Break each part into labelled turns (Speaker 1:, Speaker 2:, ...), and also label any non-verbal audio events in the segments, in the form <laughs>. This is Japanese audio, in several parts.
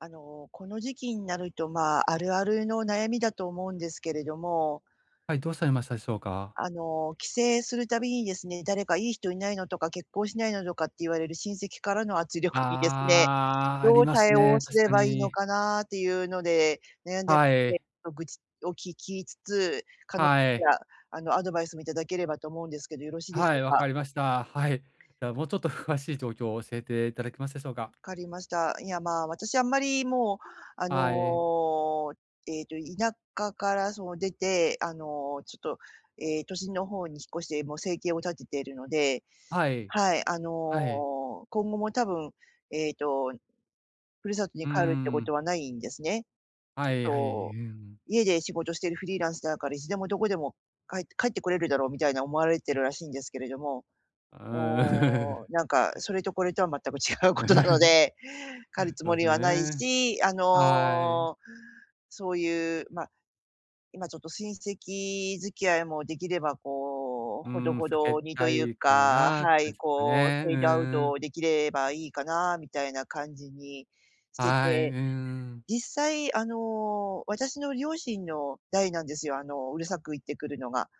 Speaker 1: あの、この時期になると、まあ、あるあるの悩みだと思うんですけれども
Speaker 2: はい、どうされましたでしょうか。
Speaker 1: あの、帰省するたびにですね、誰かいい人いないのとか、結婚しないのとかって言われる親戚からの圧力にですね
Speaker 2: ああ、あ
Speaker 1: ど
Speaker 2: り
Speaker 1: う
Speaker 2: ます
Speaker 1: 対応
Speaker 2: ね、
Speaker 1: す
Speaker 2: 確
Speaker 1: れ
Speaker 2: か
Speaker 1: ばいいの
Speaker 2: に。
Speaker 1: かなって言うので悩んで
Speaker 2: はい。
Speaker 1: て、ま、愚痴を聞きつつ、可能
Speaker 2: は
Speaker 1: た
Speaker 2: い。
Speaker 1: ら、あのアドバイスみ頂ければと思うんですけど、よろしいでし
Speaker 2: は
Speaker 1: ょう
Speaker 2: い、分か
Speaker 1: か？
Speaker 2: りました。はい。じゃあ、もうちょっと詳しい状況を教えて頂けますでしょうか。
Speaker 1: 分かりました。いや、まあ、私、あんまり、もう、あ
Speaker 2: はい。
Speaker 1: の、ええと、田舎からその出て、あの、ちょっと、ええ、都心の方に引っ越して、もう生計を立てているので
Speaker 2: はい。
Speaker 1: はい。あの、
Speaker 2: はい。
Speaker 1: 今後も、多分、ええとふるさとに
Speaker 2: うー
Speaker 1: 帰るって事
Speaker 2: ん。
Speaker 1: はないんですね。ち
Speaker 2: は
Speaker 1: ょっ
Speaker 2: いはい、
Speaker 1: と
Speaker 2: うん。
Speaker 1: 家で仕事してるフリーランスだから、いつでもどこでも帰って帰って来れるだろうみたいな思われてるらしいんですけれども、
Speaker 2: うーん。
Speaker 1: も
Speaker 2: う
Speaker 1: う、なんか、それとこれとは全く違う事なの
Speaker 2: <giggles>
Speaker 1: で、帰るつ
Speaker 2: そう
Speaker 1: も
Speaker 2: です
Speaker 1: りはない
Speaker 2: ね。
Speaker 1: し、あ
Speaker 2: はい。
Speaker 1: の、そう言う、ま、今ちょっと親戚付き合いも出来れば、こう、
Speaker 2: うー
Speaker 1: ほど
Speaker 2: ん、
Speaker 1: ほ
Speaker 2: 避け
Speaker 1: どにと
Speaker 2: た
Speaker 1: 言う
Speaker 2: いか
Speaker 1: か
Speaker 2: なって
Speaker 1: は
Speaker 2: 感
Speaker 1: い、
Speaker 2: じですか
Speaker 1: こう、
Speaker 2: ね。
Speaker 1: フ
Speaker 2: うー
Speaker 1: ェードアウ
Speaker 2: ん。
Speaker 1: ト出来ればいいかなみたいな感じにして
Speaker 2: はい、う
Speaker 1: て。
Speaker 2: ん。
Speaker 1: 実際、あの、私の両親の代なんですよ、あの、うるさく言ってくるのが。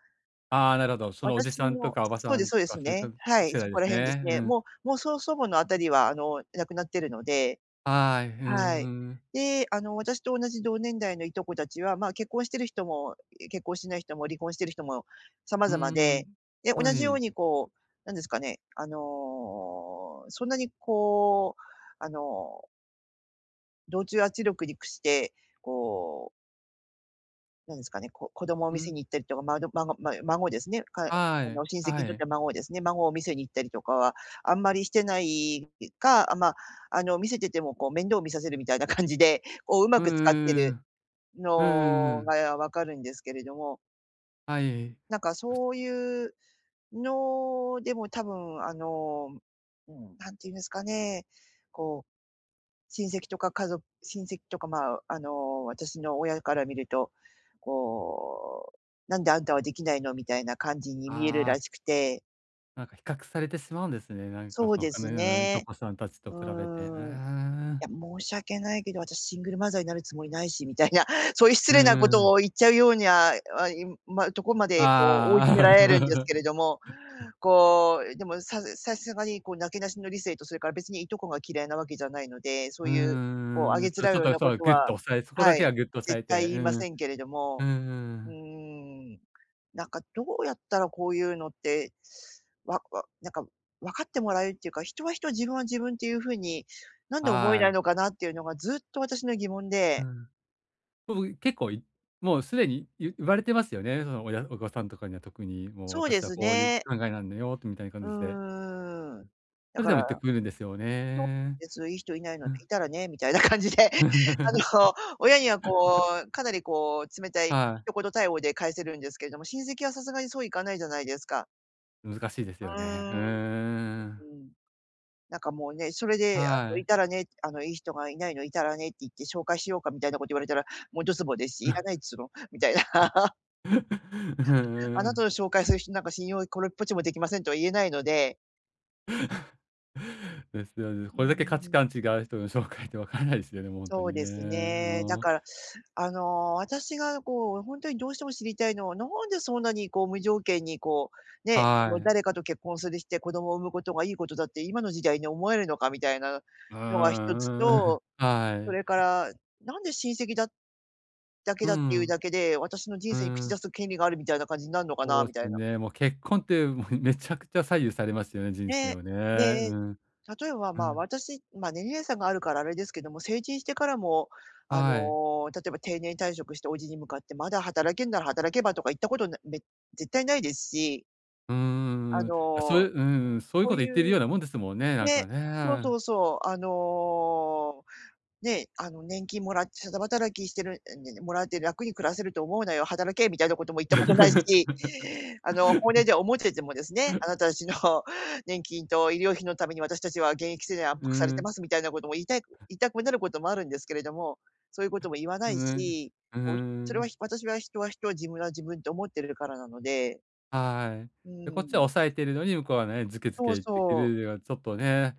Speaker 2: ああ、なるほど。そのおじ
Speaker 1: 私
Speaker 2: さんと
Speaker 1: も
Speaker 2: か、おば
Speaker 1: そう
Speaker 2: さ
Speaker 1: です
Speaker 2: ん
Speaker 1: そう
Speaker 2: と
Speaker 1: で
Speaker 2: か、
Speaker 1: すね、
Speaker 2: <unintelligible>
Speaker 1: はい。
Speaker 2: 世
Speaker 1: そ
Speaker 2: 代で
Speaker 1: こら
Speaker 2: す
Speaker 1: 辺です
Speaker 2: ね。う
Speaker 1: ね。
Speaker 2: ん。
Speaker 1: もうもう、そう、祖母の辺りは、あの亡くなってるので
Speaker 2: はい。ふん、
Speaker 1: は
Speaker 2: ふ
Speaker 1: い。
Speaker 2: ーん。
Speaker 1: で、あの、私と同じ、同年代のいとこ達は、まあ、結婚してる人も、え、結婚しない人も、離婚してる人も、様
Speaker 2: うー
Speaker 1: 々
Speaker 2: ん、
Speaker 1: で、で、
Speaker 2: は
Speaker 1: 同じよう
Speaker 2: い。
Speaker 1: に、こう、なんですかね、あの、そんなに、こう、あの同調圧力に屈してこうなんですかね、こ子供を
Speaker 2: う
Speaker 1: 見せ
Speaker 2: ん。
Speaker 1: に行ったりとか、まど孫ま孫ですね、かう
Speaker 2: は
Speaker 1: あ
Speaker 2: い
Speaker 1: の親戚
Speaker 2: は
Speaker 1: にとっ
Speaker 2: い。
Speaker 1: ては孫をですね、孫を見せに行ったりとかは、あんまりしてないか、あ、ま、あの見せててもこう、面倒を見させるみたいな感じで、こう上
Speaker 2: うん
Speaker 1: 手く使ってる
Speaker 2: うんうんうん。うんうんう
Speaker 1: の
Speaker 2: ん。
Speaker 1: がわかるんですけれども。
Speaker 2: はい。う
Speaker 1: なんかそういうのでも、多分あの、うん、何て言うんですかね、こう、親戚とか家ぞ親戚とか、まあ、あの私の親から見ると、こう、「なんであんたは出来ないの」、みたいな感じに見える
Speaker 2: ああ。
Speaker 1: らしくて。
Speaker 2: なんか比較されてしまうんですね。なんか
Speaker 1: そう
Speaker 2: その
Speaker 1: で
Speaker 2: 他
Speaker 1: す
Speaker 2: のいと
Speaker 1: ね、
Speaker 2: こさんたち
Speaker 1: う
Speaker 2: と比べて。うー
Speaker 1: ーん、い
Speaker 2: ん。
Speaker 1: や申し訳ないけど、私シングルマザーになるつもりないしみたいな、そういう失
Speaker 2: うん
Speaker 1: 礼な
Speaker 2: うんう
Speaker 1: 事
Speaker 2: ん。
Speaker 1: を言っちゃうようにや、ま、いま、とこまで、こう追い詰め
Speaker 2: あ
Speaker 1: られるんです
Speaker 2: あ。
Speaker 1: けれども、
Speaker 2: <giggles>
Speaker 1: こうでもささすがに、こうなけなしの理性と、それから別にいとこが嫌いなわけじゃないので、そ
Speaker 2: う
Speaker 1: う
Speaker 2: ー
Speaker 1: いうこうあ
Speaker 2: ん、
Speaker 1: げつ
Speaker 2: そう
Speaker 1: ら
Speaker 2: ち
Speaker 1: う
Speaker 2: ょっ
Speaker 1: よう
Speaker 2: と
Speaker 1: なこ
Speaker 2: そう、
Speaker 1: と
Speaker 2: ぐっ
Speaker 1: は、
Speaker 2: と押さえそこ
Speaker 1: は
Speaker 2: だけ
Speaker 1: い、
Speaker 2: はぐっと押さ
Speaker 1: 絶
Speaker 2: え
Speaker 1: 対
Speaker 2: て、
Speaker 1: 言
Speaker 2: う
Speaker 1: いま
Speaker 2: ん
Speaker 1: せんけれど
Speaker 2: うん
Speaker 1: も、
Speaker 2: う
Speaker 1: うー
Speaker 2: ん。
Speaker 1: ん、なんかどうやったらこういうのって、わなんかわかってもらえるっていうか、「人は人、自分は自分っていう風になんで思え
Speaker 2: は
Speaker 1: ない
Speaker 2: い。
Speaker 1: のかな」っていうのがずっと私の疑問
Speaker 2: う
Speaker 1: で。
Speaker 2: ん。もう結構いもうすでにゆ言われてますよね。その親親御さんとかには、特にもう
Speaker 1: そうで
Speaker 2: 私は
Speaker 1: す
Speaker 2: こういう
Speaker 1: ね。
Speaker 2: 考えなんだよってみたいな
Speaker 1: う
Speaker 2: 感じで。
Speaker 1: ーん、だ
Speaker 2: それ
Speaker 1: か
Speaker 2: でも
Speaker 1: ら
Speaker 2: 言ってくれるんですよね。
Speaker 1: そうです、いい人いないの
Speaker 2: う
Speaker 1: で、い
Speaker 2: ん。
Speaker 1: たらねみたいな感じで、あの、親には、こ
Speaker 2: <giggles>
Speaker 1: うかなりこう冷たい
Speaker 2: はい。
Speaker 1: 一言対応で返せるんですけれども、親戚はさすがにそういかないじゃないですか。
Speaker 2: 難しいですよ
Speaker 1: う
Speaker 2: ね。う
Speaker 1: ーん、う
Speaker 2: ーん。
Speaker 1: ん、なんかもうね、それであ
Speaker 2: は
Speaker 1: のい
Speaker 2: い。
Speaker 1: たらねあのいい人がいないのいたらねって言って紹介しようかみたいなこと言われたら、もうドツボですし、いら
Speaker 2: <laughs>
Speaker 1: ないっつうのみたいな。<laughs>
Speaker 2: <laughs> う
Speaker 1: <laughs> あ
Speaker 2: ー
Speaker 1: なた
Speaker 2: ん。
Speaker 1: の紹介する人なんか信用これっぽっちもできませんとは言えないので。
Speaker 2: <laughs> ですよね。
Speaker 1: うー
Speaker 2: これだけ価値
Speaker 1: ん。
Speaker 2: 観違う人の紹介ってわからないですよね、もう本当
Speaker 1: そう
Speaker 2: に
Speaker 1: です
Speaker 2: ね。
Speaker 1: ね、だ
Speaker 2: お。
Speaker 1: から、あの、私がこう本当にどうしても知りたいのは、なんでそんなにこう無条件にこうね、あ
Speaker 2: は
Speaker 1: の
Speaker 2: い。
Speaker 1: 誰かと結婚するして子供を産むことがいいことだって今の時代に思えるのかみたいなの
Speaker 2: うー
Speaker 1: のが一つ
Speaker 2: ん、うん、<chuckles>
Speaker 1: と、
Speaker 2: は
Speaker 1: それか
Speaker 2: い。
Speaker 1: らなんで親戚だだけ
Speaker 2: う
Speaker 1: だっていう
Speaker 2: ん。
Speaker 1: だけで、私の人
Speaker 2: う
Speaker 1: 生に口出
Speaker 2: ん。
Speaker 1: す権利があるみたいな感じになんのか
Speaker 2: そ
Speaker 1: な
Speaker 2: う
Speaker 1: みた
Speaker 2: す
Speaker 1: いな。
Speaker 2: ね。もう結婚っても、<chuckles> めちゃくちゃ左右されますよね、人生
Speaker 1: ね、
Speaker 2: をね。う
Speaker 1: で、
Speaker 2: ん。
Speaker 1: 例えば、
Speaker 2: う
Speaker 1: ま、
Speaker 2: ん。
Speaker 1: 私、ま、年齢差があるからあれですけども、成人してからも、あ
Speaker 2: はい。
Speaker 1: の、例えば定年退職して叔父に向かって、まだ働けんなら働けばとか言ったことなめ絶対ないですし。
Speaker 2: うー
Speaker 1: あ
Speaker 2: ん、あ、そうい
Speaker 1: の、
Speaker 2: ううん、そういう
Speaker 1: そ
Speaker 2: こ
Speaker 1: う
Speaker 2: と言っている
Speaker 1: い
Speaker 2: よ
Speaker 1: う
Speaker 2: うなもんですもんね、なん
Speaker 1: ね、
Speaker 2: か
Speaker 1: そうそ
Speaker 2: ね。
Speaker 1: うそう、あの、ね、あの年金もらってただ働きしてる、<unintelligible> もらって楽に暮らせると思うなよ、働けみたいなことも言ったことないし、あの本音では思っててもですね、あな
Speaker 2: <laughs>
Speaker 1: たたちの年金と医療費のために私たちは現役世代は圧
Speaker 2: う
Speaker 1: 迫されて
Speaker 2: ん。
Speaker 1: ますみたいなことも言いたいく言いたくなることもあるんですけれども、そういうことも言わな
Speaker 2: う
Speaker 1: い
Speaker 2: ん、
Speaker 1: し、
Speaker 2: う
Speaker 1: こうそれは
Speaker 2: ん。
Speaker 1: 私は人は人は自分は自分って思ってれるからなので。
Speaker 2: はい。
Speaker 1: う
Speaker 2: で、こっちは
Speaker 1: ん。
Speaker 2: 押さえているのに、向こうはね、ズケズ
Speaker 1: そ
Speaker 2: ケ
Speaker 1: う
Speaker 2: 言ってく
Speaker 1: そう。
Speaker 2: るうはちょっとね。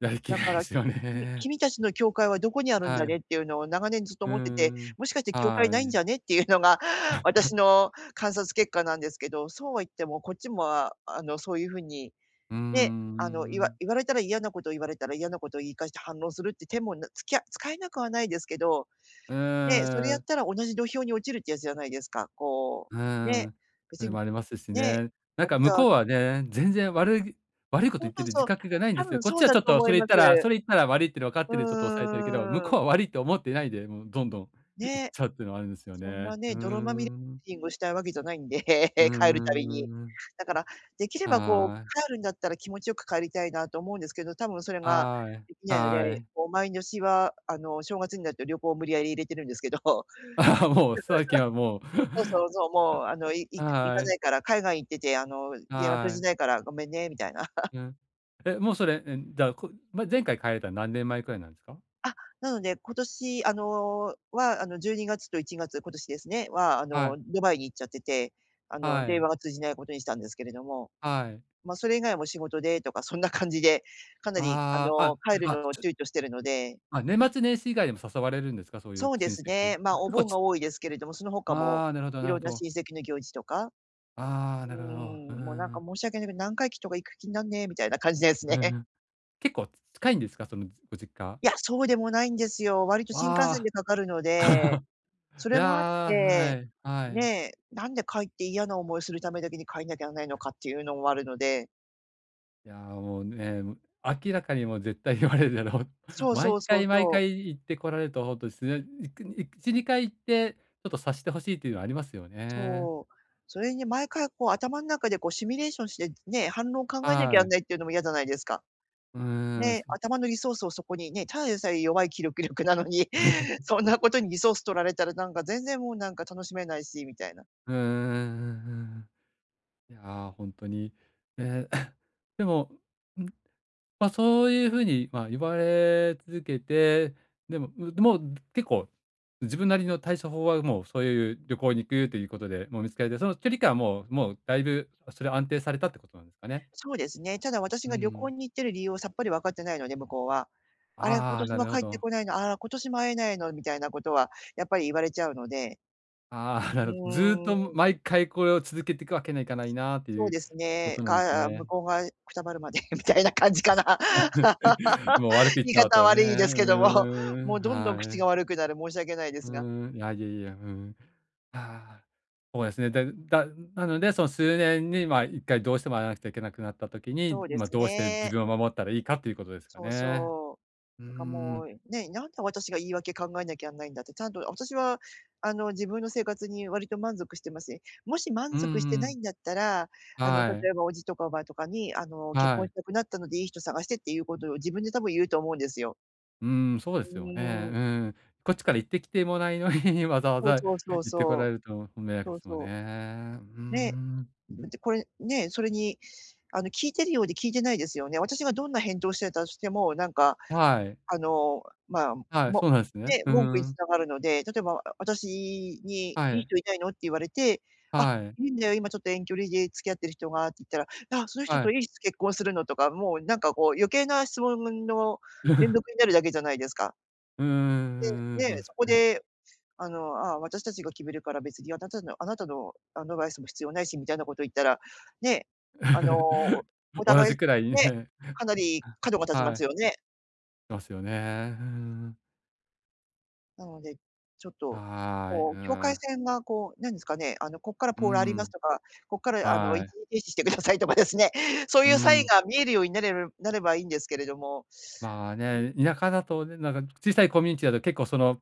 Speaker 2: やりき
Speaker 1: だ
Speaker 2: れ
Speaker 1: か
Speaker 2: ないで
Speaker 1: らき
Speaker 2: すよ
Speaker 1: きみ
Speaker 2: ね。
Speaker 1: 君たちの境界はどこにあるんだ
Speaker 2: はい。
Speaker 1: ねっていうのを長年ずっと
Speaker 2: う
Speaker 1: 思ってて、
Speaker 2: ん、
Speaker 1: もしかして境界な
Speaker 2: は
Speaker 1: いんじ
Speaker 2: い。
Speaker 1: ゃねっていうのが私
Speaker 2: <laughs>
Speaker 1: の観察結果なんですけど、そうは言ってもこっちもああのそういう風に
Speaker 2: うー
Speaker 1: ね、あの言わ
Speaker 2: ん。
Speaker 1: 言われたら嫌なこと言われたら嫌なことを言い返して反応するっていう手も、なつきゃ使えなくはないですけど、
Speaker 2: う
Speaker 1: ね、それ
Speaker 2: ー
Speaker 1: やっ
Speaker 2: ん。
Speaker 1: たら同じ土俵に落ちるってやつじゃないですか、こ
Speaker 2: う
Speaker 1: うね、
Speaker 2: ん、
Speaker 1: 別
Speaker 2: それ
Speaker 1: に、
Speaker 2: もありますし
Speaker 1: ね、
Speaker 2: ね。なんか
Speaker 1: 私
Speaker 2: 向
Speaker 1: は
Speaker 2: こうはね、全然悪い悪いこと
Speaker 1: そう
Speaker 2: 言って
Speaker 1: そう
Speaker 2: る
Speaker 1: そ
Speaker 2: 自
Speaker 1: う、
Speaker 2: 覚がないん
Speaker 1: 多
Speaker 2: ですよ、
Speaker 1: 分
Speaker 2: こっ
Speaker 1: そ
Speaker 2: ち
Speaker 1: う
Speaker 2: は
Speaker 1: だ
Speaker 2: ちょっ
Speaker 1: と
Speaker 2: と
Speaker 1: 思
Speaker 2: そ
Speaker 1: い
Speaker 2: れ言
Speaker 1: ま
Speaker 2: っ
Speaker 1: す。
Speaker 2: たらそれ言ったら悪いってのわかっ
Speaker 1: う
Speaker 2: てるでちょっと押さえてるけど、向
Speaker 1: ー
Speaker 2: こ
Speaker 1: ん。
Speaker 2: うは悪いと思っていないで、もうどんどん言っ
Speaker 1: ね。
Speaker 2: ちゃうっていうのはあるんですよ
Speaker 1: そん
Speaker 2: ね。
Speaker 1: な
Speaker 2: う
Speaker 1: ね、泥まみれ
Speaker 2: ん。
Speaker 1: しんぐしたいわけじゃないんで、
Speaker 2: うー
Speaker 1: <laughs> 帰るたびに。
Speaker 2: ん。
Speaker 1: だからできればこう
Speaker 2: はい。
Speaker 1: 帰るんだったら気持ちよく帰りたいなと思うんですけど、多分それが
Speaker 2: はい、
Speaker 1: できないので、
Speaker 2: はい。
Speaker 1: こう毎年は、あの、正月になると旅行を無理やり入れてるんですけど。<laughs>
Speaker 2: あ、もう最近はもう、
Speaker 1: そうそうそう。もう、あの、い
Speaker 2: <laughs>
Speaker 1: いく行か
Speaker 2: は
Speaker 1: な
Speaker 2: い。
Speaker 1: いから、海外行ってて、あの、電話通
Speaker 2: は
Speaker 1: じ
Speaker 2: い。
Speaker 1: ないからごめんね、みたいな。<laughs>
Speaker 2: うん、え、もうそれ、えん、だこ前回帰れたのは何年前くらいなんすか？
Speaker 1: あ、なので、今年、あの、は、あの12月と1月、今年ですね、は、あ
Speaker 2: は
Speaker 1: の
Speaker 2: い。
Speaker 1: ドバイに行っちゃってて、あの
Speaker 2: は
Speaker 1: 電
Speaker 2: い。
Speaker 1: 話が通じないことにしたんですけれども、
Speaker 2: はい。
Speaker 1: ま、それ以外も仕事でとかそんな感じでかなり、あ
Speaker 2: ああ、
Speaker 1: の、
Speaker 2: あ、
Speaker 1: 帰る
Speaker 2: ま、
Speaker 1: のを
Speaker 2: ちょ
Speaker 1: 躊躇してるので。
Speaker 2: あ、年末年始以外でも誘われるんですか、そうい
Speaker 1: そ
Speaker 2: う
Speaker 1: うで
Speaker 2: 親
Speaker 1: す
Speaker 2: 戚に？
Speaker 1: ね、
Speaker 2: あ、
Speaker 1: まお
Speaker 2: 結構
Speaker 1: 盆
Speaker 2: ち
Speaker 1: が多いですけれども、その他も
Speaker 2: ああ、なるほど
Speaker 1: い
Speaker 2: なる
Speaker 1: ろ
Speaker 2: ほ
Speaker 1: んな
Speaker 2: ど。
Speaker 1: 親戚の行事とか、
Speaker 2: あ、
Speaker 1: う
Speaker 2: なるほど。う
Speaker 1: ん、もうなんか
Speaker 2: ん。
Speaker 1: 申し訳ないけど、何回忌とか行く気になんねえみたいな感じです
Speaker 2: う
Speaker 1: ね。
Speaker 2: ん。結構近いんですか？そのご実家。
Speaker 1: いや、そうでもないんですよ、割と新幹線
Speaker 2: わあ。
Speaker 1: でかかるので、
Speaker 2: <laughs>
Speaker 1: そ
Speaker 2: い
Speaker 1: れ
Speaker 2: や
Speaker 1: もあっ
Speaker 2: あ、は
Speaker 1: て、
Speaker 2: い、はい。
Speaker 1: ね、なんで帰って嫌な思いするためだけに帰んなきゃなんないのかっていうのもあるので。
Speaker 2: いやあもうね、む明らかにもう絶対言われるだろう。
Speaker 1: そうそ
Speaker 2: 毎
Speaker 1: うそう
Speaker 2: 回毎
Speaker 1: そう。
Speaker 2: 回言ってこられると、ほんとですね。いくい1、2回言って、ちょっと察して欲しいというのはありますよね。
Speaker 1: そう。それに毎回こう頭の中でこうシミュレーションしてね、反論考えなきゃな
Speaker 2: は
Speaker 1: ん
Speaker 2: い。
Speaker 1: ないっていうのもやじゃないですか。
Speaker 2: うーん。
Speaker 1: ね、
Speaker 2: <chuckles>
Speaker 1: 頭のリソースをそこにね、ただでさえ弱い記録力なのに、<laughs> そんな
Speaker 2: <laughs>
Speaker 1: ことにリソース取られたら、なんか全然もう、なんか楽しめないしみたいな。
Speaker 2: うんうんうんうんうん。いや、ほんとにね。<clears throat> でも、ん、ま、そういうふうにま、言われ続けて、でも、うどうもう結構自分なりの対処法は、もうそういう旅行に行くということで、もう見つけて、その距離感はもうもうだいぶそれは安定されたってことなんですかね？
Speaker 1: そうですね。ただ私
Speaker 2: う
Speaker 1: が旅行
Speaker 2: ん。
Speaker 1: に行ってる理由を、さっぱりわかってないので、向こうは。あれ、今
Speaker 2: ああ、
Speaker 1: 年
Speaker 2: な
Speaker 1: も
Speaker 2: るほ
Speaker 1: 帰って
Speaker 2: ど。
Speaker 1: こないの、あら今年も会えないの、みたいなことは、やっぱり言われちゃうので。
Speaker 2: ああ <chuckles>
Speaker 1: う
Speaker 2: なるほど。ずっ
Speaker 1: ー
Speaker 2: と、も、
Speaker 1: ん。
Speaker 2: 毎回これを続けていくわけにはいかないな、と
Speaker 1: そ
Speaker 2: い
Speaker 1: う
Speaker 2: う
Speaker 1: です
Speaker 2: こ
Speaker 1: ね。
Speaker 2: となんです
Speaker 1: か向
Speaker 2: ね。
Speaker 1: こうがくたばるまでみたいな感じかな。
Speaker 2: <laughs>
Speaker 1: <laughs>
Speaker 2: もう悪く言っ
Speaker 1: 言い
Speaker 2: ちゃう
Speaker 1: 方は
Speaker 2: とね、う
Speaker 1: 悪いですけども。
Speaker 2: ー
Speaker 1: もう
Speaker 2: ん、
Speaker 1: どんどん
Speaker 2: は
Speaker 1: 口が
Speaker 2: い。
Speaker 1: 悪くなる、申し訳ないで
Speaker 2: う
Speaker 1: すが。
Speaker 2: ーん、いやいやいや、うん。あ、そうですね。で、だなのでその数年にま、1回どうしても会わなくちゃいけなくなった時に、
Speaker 1: そうで
Speaker 2: ま、
Speaker 1: す
Speaker 2: どうして自
Speaker 1: ね。
Speaker 2: 分を守ったらいいかということですか
Speaker 1: そう
Speaker 2: ね。
Speaker 1: そう。
Speaker 2: うー
Speaker 1: なんかも
Speaker 2: ん。
Speaker 1: う、ね、なんで私が言い訳考えなきゃなんないんだって。ちゃんと私はあの、自分の生活に割と満足してますね。もし
Speaker 2: う
Speaker 1: 満
Speaker 2: ん
Speaker 1: 足して
Speaker 2: う
Speaker 1: ない
Speaker 2: ん。
Speaker 1: んだったら、あの
Speaker 2: はい。
Speaker 1: 例えば叔父とか叔母とかに、あの結
Speaker 2: は
Speaker 1: 婚
Speaker 2: い。
Speaker 1: したくなったのでいい人探してっていうことを、自分で多分言うと思うんですよ。
Speaker 2: うーん、そうで
Speaker 1: う
Speaker 2: すよね。
Speaker 1: ー
Speaker 2: う
Speaker 1: ん。
Speaker 2: ん。こっちから言って来てもないのに、<laughs> わざわ
Speaker 1: そう
Speaker 2: ざ
Speaker 1: そうそ
Speaker 2: 言
Speaker 1: う
Speaker 2: ってこら
Speaker 1: そ
Speaker 2: れ
Speaker 1: う。
Speaker 2: ると迷惑
Speaker 1: そ
Speaker 2: で
Speaker 1: う
Speaker 2: すもんね。
Speaker 1: そ
Speaker 2: うー
Speaker 1: う。ね、
Speaker 2: ん。
Speaker 1: だってこれね、それにあの聞いてるようで聞いてないですよね。私がどんな返答をしてたとしても、なんか
Speaker 2: はい。
Speaker 1: あの、ま、
Speaker 2: はい、
Speaker 1: も
Speaker 2: そうなんすね。
Speaker 1: ね、
Speaker 2: ふ-
Speaker 1: 文句言い
Speaker 2: ん。
Speaker 1: たがるので。例えば私に、
Speaker 2: は
Speaker 1: いい
Speaker 2: い。
Speaker 1: 人いないのって言われて、あ、
Speaker 2: はい。
Speaker 1: いるんだよ今ちょっと遠距離で付き合ってる人がって言ったら、あっ、その人
Speaker 2: は
Speaker 1: と
Speaker 2: い。
Speaker 1: いつ結婚するのとか、もうなんかこう、余計な質問んの連
Speaker 2: <laughs>
Speaker 1: 続になるだけじゃないですか。
Speaker 2: うんうんうんうん、
Speaker 1: で、ね、
Speaker 2: そうで
Speaker 1: そ
Speaker 2: す
Speaker 1: こ
Speaker 2: ね。
Speaker 1: であの、ああ、私たちが決めるから別にあなたのあなたのアドバイスも必要ないしみたいなこと言ったら、ね、あの
Speaker 2: <laughs>
Speaker 1: お
Speaker 2: 同
Speaker 1: 互い
Speaker 2: じくらいに
Speaker 1: ね、
Speaker 2: ね、
Speaker 1: かなり角が立ちま
Speaker 2: は
Speaker 1: す
Speaker 2: い。
Speaker 1: よね。
Speaker 2: ますよね。うーん。
Speaker 1: なので、ちょっと
Speaker 2: はい、
Speaker 1: こ
Speaker 2: う
Speaker 1: う境界
Speaker 2: ん。
Speaker 1: 線がこうなんですかね、あのここから
Speaker 2: う
Speaker 1: ポールあります
Speaker 2: ん。
Speaker 1: とか、ここからあの
Speaker 2: は
Speaker 1: 一
Speaker 2: い。
Speaker 1: 時停止してくださいとかですね、そうい
Speaker 2: う
Speaker 1: うサイン
Speaker 2: ん。
Speaker 1: が見えるようになるるなればいいんですけれども。
Speaker 2: まあ
Speaker 1: うん。
Speaker 2: ね、田舎だとね、なんか小さいコミュニティだと結構その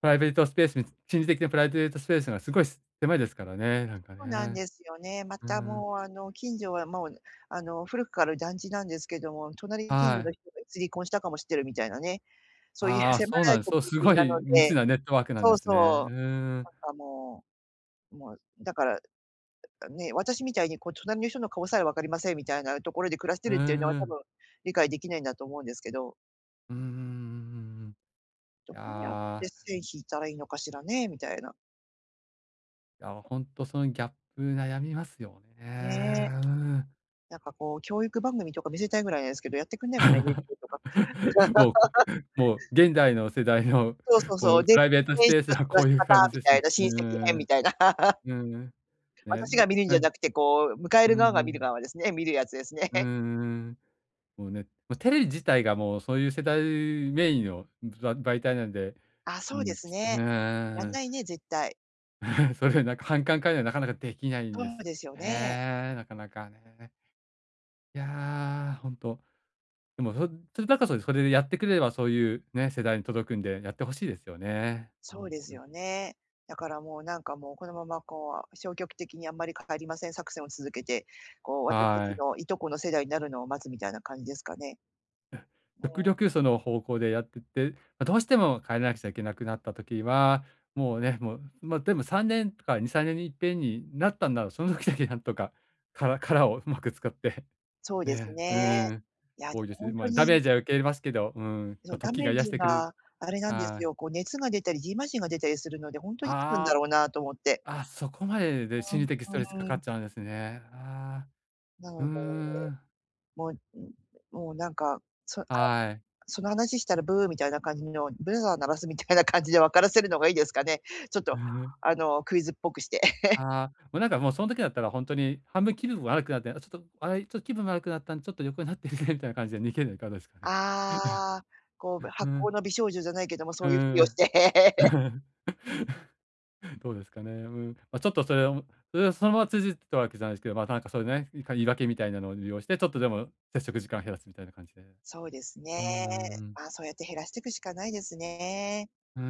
Speaker 2: プライベートスペースに心理的なプライベートスペースがすごい狭いですからね、なんか
Speaker 1: そうなん
Speaker 2: ね、
Speaker 1: ですよね。ま
Speaker 2: う
Speaker 1: た
Speaker 2: ん。
Speaker 1: もうあの近所はもうあの古くから団地なんですけども、隣に近所
Speaker 2: は
Speaker 1: の
Speaker 2: い。
Speaker 1: 人がいつ離婚したかも知ってるみたいなね、そういう
Speaker 2: ああ、
Speaker 1: 狭
Speaker 2: そうな
Speaker 1: い
Speaker 2: んです。
Speaker 1: コ
Speaker 2: そ
Speaker 1: ミ
Speaker 2: う、
Speaker 1: ュニ
Speaker 2: す
Speaker 1: ティ
Speaker 2: ご
Speaker 1: なの
Speaker 2: い
Speaker 1: で
Speaker 2: 密なネットワークなん
Speaker 1: そ
Speaker 2: で
Speaker 1: う
Speaker 2: すね。う
Speaker 1: そう、
Speaker 2: ーん。
Speaker 1: なんかもう、もうだからね、私みたいにこう隣の人の顔さえわかりませんみたいなところで暮らして
Speaker 2: う
Speaker 1: る
Speaker 2: ん
Speaker 1: っていうのは
Speaker 2: う
Speaker 1: 多
Speaker 2: ん。
Speaker 1: 分理解できないんだと思うんですけど。
Speaker 2: うんうんうんうん
Speaker 1: ど
Speaker 2: うん。
Speaker 1: うやっ
Speaker 2: あ
Speaker 1: て
Speaker 2: あ。
Speaker 1: 線引いたらいいのかしらね、みたいな。
Speaker 2: いやほんとそのギャップ悩みますよ
Speaker 1: ね。
Speaker 2: ね。
Speaker 1: なんかこう教育番組とか見せたいぐらいなんですけど、やってくんないかな NHK とか。
Speaker 2: <laughs> も
Speaker 1: <laughs>
Speaker 2: うもう現代の世代の、
Speaker 1: そうそう
Speaker 2: も
Speaker 1: そう。
Speaker 2: う
Speaker 1: で
Speaker 2: プライベートス
Speaker 1: <unintelligible>
Speaker 2: ペース
Speaker 1: 過
Speaker 2: は
Speaker 1: ご
Speaker 2: こ
Speaker 1: し
Speaker 2: ういう感
Speaker 1: 方
Speaker 2: じ
Speaker 1: み
Speaker 2: です
Speaker 1: た
Speaker 2: う
Speaker 1: いな、親戚編
Speaker 2: ー
Speaker 1: み
Speaker 2: ん。
Speaker 1: たいな。<laughs>
Speaker 2: うん。ね。
Speaker 1: 私が見るん
Speaker 2: う
Speaker 1: じゃ
Speaker 2: ん。
Speaker 1: なくて、こう、迎え
Speaker 2: うん
Speaker 1: る側が
Speaker 2: う
Speaker 1: 見る
Speaker 2: ん。
Speaker 1: 側ですね見るやつですね。
Speaker 2: うー
Speaker 1: <laughs>
Speaker 2: ん。もうね、もうテレビ自体がもう、そういう世代メインのば媒体なんで、
Speaker 1: あ、
Speaker 2: う
Speaker 1: そうで
Speaker 2: ん
Speaker 1: すね。やん
Speaker 2: あ
Speaker 1: ないね、絶対。
Speaker 2: あ。<chuckles> それなんか反感買うんではなかなか出来ないん
Speaker 1: そ
Speaker 2: です
Speaker 1: う
Speaker 2: よ
Speaker 1: ですよね。
Speaker 2: ね、なかなかね。いや、ほんと。でもそそれだったらそれそれでやってくれればそういうね、世代に届くんでやって欲しいですよね。う
Speaker 1: そ
Speaker 2: ん
Speaker 1: うです
Speaker 2: うん。
Speaker 1: よね。だからもうなんかもう、このままこう、消極的にあんまり変わりません作戦を続けて、こう私たち
Speaker 2: はい。
Speaker 1: のいとこの世代になるのを待つみたいな感じですかね、も
Speaker 2: 極
Speaker 1: う。
Speaker 2: 力その方向でやってって、ま、どうしても帰らなくちゃいけなくなった時は、もうね、もう、ま、でも3年とか2、3年にいっぺんになったんだろう、その時だけなんとか、殻殻をうまく使って、
Speaker 1: そうです
Speaker 2: ね。う
Speaker 1: ね。
Speaker 2: ん。
Speaker 1: いやで
Speaker 2: 多いで
Speaker 1: も
Speaker 2: す
Speaker 1: ほ
Speaker 2: ね。
Speaker 1: ん
Speaker 2: ま
Speaker 1: と
Speaker 2: あダメ
Speaker 1: に
Speaker 2: ージは受け入れますけど、うん、
Speaker 1: そ
Speaker 2: ま、
Speaker 1: うダ
Speaker 2: 時
Speaker 1: メ
Speaker 2: が
Speaker 1: ー
Speaker 2: 癒し
Speaker 1: ジ
Speaker 2: てくれる
Speaker 1: があれなんです
Speaker 2: はい。
Speaker 1: よ、こう熱が出たり蕁麻疹が出たりするので、ほんとにあるんだ
Speaker 2: あ
Speaker 1: ろ
Speaker 2: あ。
Speaker 1: うなと思って。
Speaker 2: あ、そこまでで
Speaker 1: う
Speaker 2: 心
Speaker 1: ん、
Speaker 2: 理的ストレスか
Speaker 1: う
Speaker 2: か
Speaker 1: ー
Speaker 2: っ
Speaker 1: ん。
Speaker 2: ちゃうんですね。ああ。
Speaker 1: なの
Speaker 2: うー
Speaker 1: で、
Speaker 2: ん。
Speaker 1: もう、もうなんか、その
Speaker 2: はい。
Speaker 1: <unintelligible> その話したらブーみたいな感じのブザー鳴らすみたいな感じで分からせるのがいいですかね。ちょっ
Speaker 2: う
Speaker 1: と、
Speaker 2: ん。
Speaker 1: あのクイズっぽくして。<laughs>
Speaker 2: ああ、もうなんかもうその時だったらほんとに、半分気分悪くなって、あ、ちょっと、あ、ちょっと気分悪くなったんでちょっと横になってみたいな感じで逃げるのはいかがですかね。
Speaker 1: ああ、こう、ぶ
Speaker 2: <chuckles>
Speaker 1: 薄
Speaker 2: う
Speaker 1: 幸
Speaker 2: ん。
Speaker 1: の美少女じゃないけども、そ
Speaker 2: う
Speaker 1: ういうふりをし
Speaker 2: ん。
Speaker 1: て。
Speaker 2: う
Speaker 1: <laughs>
Speaker 2: ん。どうですかね。うーん。ま、ちょっとそれをそれをそのまま通じてたわけじゃないですけど、ま、なんかそういうね、いか言い訳みたいなのを利用して、ちょっとでも接触時間を減らすみたいな感じで。
Speaker 1: そうですね。
Speaker 2: うんうんうん。
Speaker 1: まあそうやって減らしてくしかないですね。
Speaker 2: うー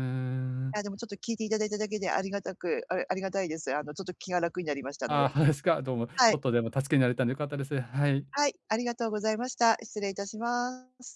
Speaker 1: い
Speaker 2: ん。
Speaker 1: やでもちょっと聞いていただいただけでありがたくあありがたいです。あのちょっと気が楽になりましたので。
Speaker 2: ああ、<chuckles> <unintelligible> すか、どうも。ち
Speaker 1: は
Speaker 2: ょっ
Speaker 1: い。
Speaker 2: とでも助けになれたんで良かったです。はい。
Speaker 1: はい、ありがとうございました。失礼いたします。